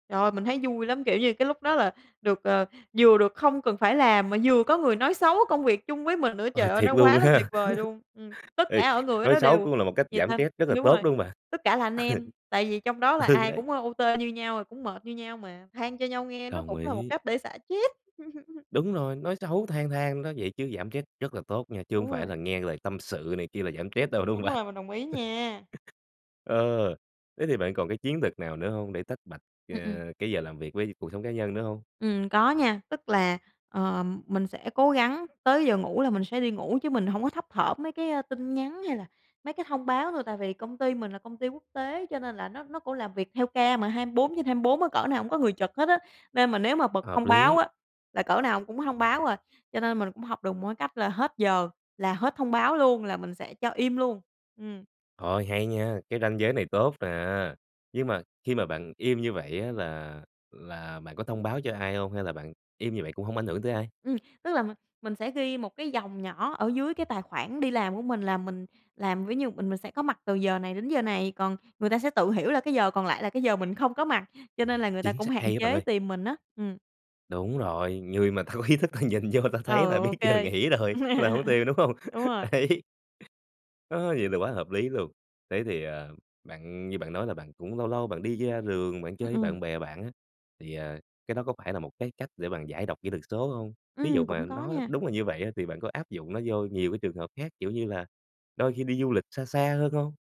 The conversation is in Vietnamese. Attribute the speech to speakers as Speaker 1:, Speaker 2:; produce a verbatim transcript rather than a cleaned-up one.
Speaker 1: Trời ơi, mình thấy vui lắm, kiểu như, cái lúc đó là được, ờ, vừa được không cần phải làm mà vừa có người nói xấu công việc chung với mình nữa,
Speaker 2: Ờ,
Speaker 1: trời ơi,
Speaker 2: thiệt
Speaker 1: nó
Speaker 2: luôn
Speaker 1: quá là tuyệt
Speaker 2: ha!
Speaker 1: vời luôn. Ừm. Tất
Speaker 2: Ê,
Speaker 1: cả ở người ở
Speaker 2: nói
Speaker 1: đó
Speaker 2: xấu
Speaker 1: đều
Speaker 2: cũng là một cách giảm trét
Speaker 1: [unintelligible]
Speaker 2: rất là
Speaker 1: đúng
Speaker 2: tốt,
Speaker 1: rồi.
Speaker 2: đúng hông bạn?
Speaker 1: Tất cả là anh em, tại vì trong đó là
Speaker 2: Ừ,
Speaker 1: ai
Speaker 2: đấy.
Speaker 1: cũng, ơ, O-T như nhau, rồi cũng mệt như nhau mà, than cho nhau nghe nó
Speaker 2: Đồng
Speaker 1: cũng là một
Speaker 2: ý.
Speaker 1: cách để xả trét.
Speaker 2: Đúng rồi, nói xấu than than đó vậy chứ giảm trét rất là tốt nha, chứ hổng
Speaker 1: Đúng
Speaker 2: phải
Speaker 1: rồi.
Speaker 2: là nghe lời tâm sự này kia là giảm trét đâu, đúng
Speaker 1: Đúng
Speaker 2: không bạn?
Speaker 1: rồi, mình đồng ý nha!
Speaker 2: Ờ, thế thì bạn còn cái chiến thuật nào nữa hông để tách bạch, ờ,
Speaker 1: Ừm, ừm.
Speaker 2: cái giờ làm việc với gi cuộc sống cá nhân nữa hông?
Speaker 1: Ừm, có nha, tức là, ờm, mình sẽ cố gắng tới giờ ngủ là mình sẽ đi ngủ, chứ mình hổng có thấp thởm mấy cái, a, tin nhắn, hay là mấy cái thông báo thôi, tại vì công ty mình là công ty quốc tế, cho nên là nó nó cũng làm việc theo ca mà hai bốn trên hai bốn á cỡ nào cũng có người trực hết á. Nên mà nếu mà bật
Speaker 2: Hợp
Speaker 1: thông báo
Speaker 2: lý.
Speaker 1: á là cỡ nào cũng thông báo à, cho nên mình cũng học được một cái cách là hết giờ là hết thông báo luôn, là mình sẽ cho im luôn. Ừm.
Speaker 2: Ôi, hay nha! Cái ranh giới này tốt nè, nhưng mà khi mà bạn im như vậy á là là bạn có thông báo cho ai hông? Hay là bạn im như vậy cũng hông ảnh hưởng tới ai?
Speaker 1: Ừm, tức là m mình sẽ ghi một cái dòng nhỏ ở dưới cái tài khoản đi làm của mình là mình làm ví như mình mình sẽ có mặt từ giờ này đến giờ này, còn người ta sẽ tự hiểu là cái giờ còn lại là cái giờ mình không có mặt, cho nên là người ta
Speaker 2: Chính
Speaker 1: cũng
Speaker 2: xá
Speaker 1: hạn
Speaker 2: hay á bạn
Speaker 1: chế
Speaker 2: ơi!
Speaker 1: tìm mình á. Ừm.
Speaker 2: Đúng rồi, người mà ta có ý thức ta nhìn vô ta
Speaker 1: Ừ,
Speaker 2: thấy là biết
Speaker 1: OK.
Speaker 2: giờ nghỉ rồi là hổng tìm, đúng hông?
Speaker 1: Đúng rồi!
Speaker 2: Đấy. Ơ, vậy là quá hợp lý luôn! Thế thì, à, bạn như bạn nói là bạn cũng lâu lâu bạn đi da đường, bạn chơi
Speaker 1: Ừm,
Speaker 2: với
Speaker 1: ừm.
Speaker 2: bạn bè bạn á, thì, à, cái đó có phải là một cái cách để bạn giải độc kỹ thuật số hông? Thí dụ
Speaker 1: Ừm,
Speaker 2: mà
Speaker 1: cũng có
Speaker 2: nó
Speaker 1: nha.
Speaker 2: đúng là như vậy á thì bạn có áp dụng nó vô nhiều cái trường hợp khác, kiểu như là, đôi khi đi du lịch xa xa hơn hông?